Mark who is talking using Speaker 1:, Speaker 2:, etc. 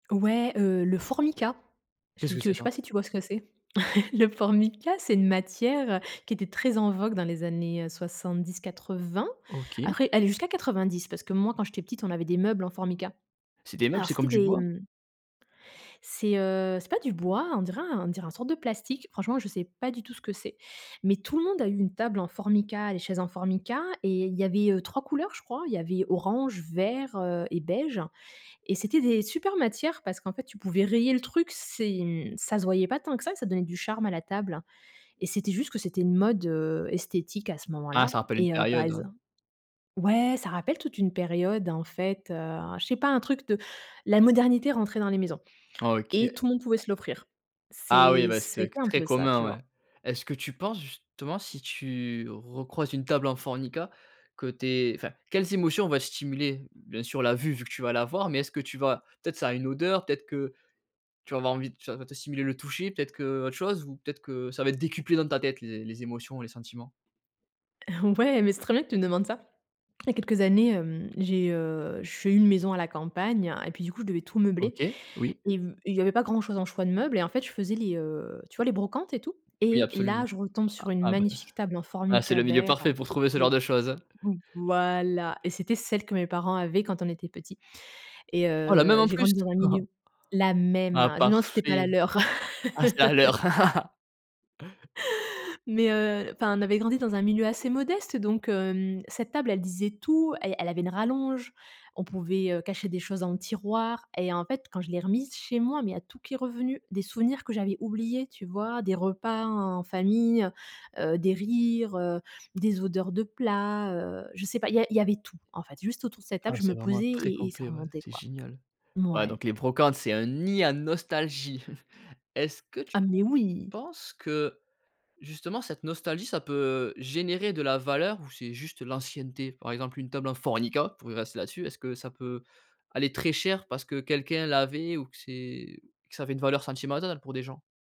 Speaker 1: Ouais, heu, le Formica.
Speaker 2: Qu'est-ce
Speaker 1: Si
Speaker 2: que
Speaker 1: tu veux
Speaker 2: c'est
Speaker 1: je sais
Speaker 2: ça?
Speaker 1: pas si tu vois ce que c'est? Le Formica, c'est une matière, heu, qui était très en vogue dans les années, heu, 70-80.
Speaker 2: OK.
Speaker 1: Après, allez, jusqu'à 90. Parce que, moi, quand j'étais petite, on avait des meubles en Formica.
Speaker 2: C'est des meubles,
Speaker 1: Alors,
Speaker 2: c'est comme
Speaker 1: c'était
Speaker 2: du
Speaker 1: des,
Speaker 2: bois?
Speaker 1: mmh c'est, heu, c'est pas du bois, on dirait un on dirait un sorte de plastique. Franchement, je sais pas du tout ce que c'est mais tout le monde a eu une table en Formica, les chaises en Formica, et il y avait, heu, 3 couleurs, je crois. Il y avait orange, vert, heu, et beige, et c'était des super matières parce qu'en fait tu pouvais rayer le truc. C'est, hem, ça se voyait pas tant que ça, ça donnait du charme à la table et c'était juste que c'était une mode, heu, esthétique à ce
Speaker 2: Ah,
Speaker 1: moment-là
Speaker 2: ça rappelle une
Speaker 1: et heu, par
Speaker 2: période,
Speaker 1: exemple
Speaker 2: ouais.
Speaker 1: ouais, ça rappelle toute une période, en fait, heu, je sais pas, un truc de la modernité rentrait dans les maisons
Speaker 2: Ah, OK.
Speaker 1: et tout le monde pouvait se l'offrir.
Speaker 2: Ah, oui,
Speaker 1: C'est
Speaker 2: bah,
Speaker 1: ça a
Speaker 2: c'était
Speaker 1: été
Speaker 2: que
Speaker 1: un
Speaker 2: très
Speaker 1: peu ça, tu
Speaker 2: commun, ouais.
Speaker 1: vois?
Speaker 2: Est-ce que tu penses justement, si tu recroises une table en Formica que tu es enfin, quelles émotions vont être stimulées? Bien sûr, la vue, vu que tu vas la voir, mais est-ce que tu vas, peut-être, ça a une odeur, peut-être que tu vas avoir envie ça va te stimuler le toucher, peut-être qu'autre chose, ou peut-être que ça va être décuplé dans ta tête, les les émotions, les sentiments?
Speaker 1: Ouais, mais c'est très bien que tu me demandes ça. Il y a quelques années, hem, j'ai, heu, j'ai une maison à la campagne et puis du coup, je devais tout meubler
Speaker 2: OK, oui.
Speaker 1: et v et il y avait pas grand-chose en choix de meubles, et en fait, je faisais les, heu, tu vois? Les brocantes et tout,
Speaker 2: Oui,
Speaker 1: et là,
Speaker 2: absolument.
Speaker 1: je retombe
Speaker 2: A
Speaker 1: sur une
Speaker 2: ah bah,
Speaker 1: magnifique table en
Speaker 2: ouais, c'est
Speaker 1: Formica
Speaker 2: le milieu
Speaker 1: vert
Speaker 2: parfait pour
Speaker 1: qui
Speaker 2: trouver ce genre
Speaker 1: était
Speaker 2: de choses, hein.
Speaker 1: v voilà et c'était celle que mes parents avaient quand on était petit et
Speaker 2: Ah, la même
Speaker 1: heu,
Speaker 2: en
Speaker 1: j'ai
Speaker 2: plus?
Speaker 1: grandi dans un milieu la même!
Speaker 2: Ah,
Speaker 1: Je me demande si c'était pas la
Speaker 2: parfait.
Speaker 1: leur
Speaker 2: Ah, ça a l'air!
Speaker 1: mais heu, enfin, on avait grandi dans un milieu assez modeste, donc hem, cette table, elle disait tout. Elle elle avait une rallonge. On pouvait, heu, cacher des choses dans le tiroir et en fait, quand je l'ai remise chez moi mais il y a tout qui est revenu. Des souvenirs que j'avais oubliés, tu vois? Des repas en famille, heu, des rires, heu, des odeurs de plats, heu, je sais pas, il y a il y avait tout, en fait, juste autour de cette table,
Speaker 2: Ah
Speaker 1: je
Speaker 2: c'est
Speaker 1: me
Speaker 2: vraiment
Speaker 1: posais
Speaker 2: très
Speaker 1: et et ça
Speaker 2: complet, ouais,
Speaker 1: remontait,
Speaker 2: c'est
Speaker 1: quoi.
Speaker 2: génial. Ouais,
Speaker 1: Mouais.
Speaker 2: donc les brocantes, c'est un nid à nostalgie. Est-ce que tu
Speaker 1: Ah, mais oui!
Speaker 2: penses que, justement, cette nostalgie, ça peut générer de la valeur ou c'est juste l'ancienneté? Par exemple, une table en Formica, pour y rester là-dessus, est-ce que ça peut aller très cher parce que quelqu'un l'avait ou que c'est que ça avait une valeur sentimentale pour des gens?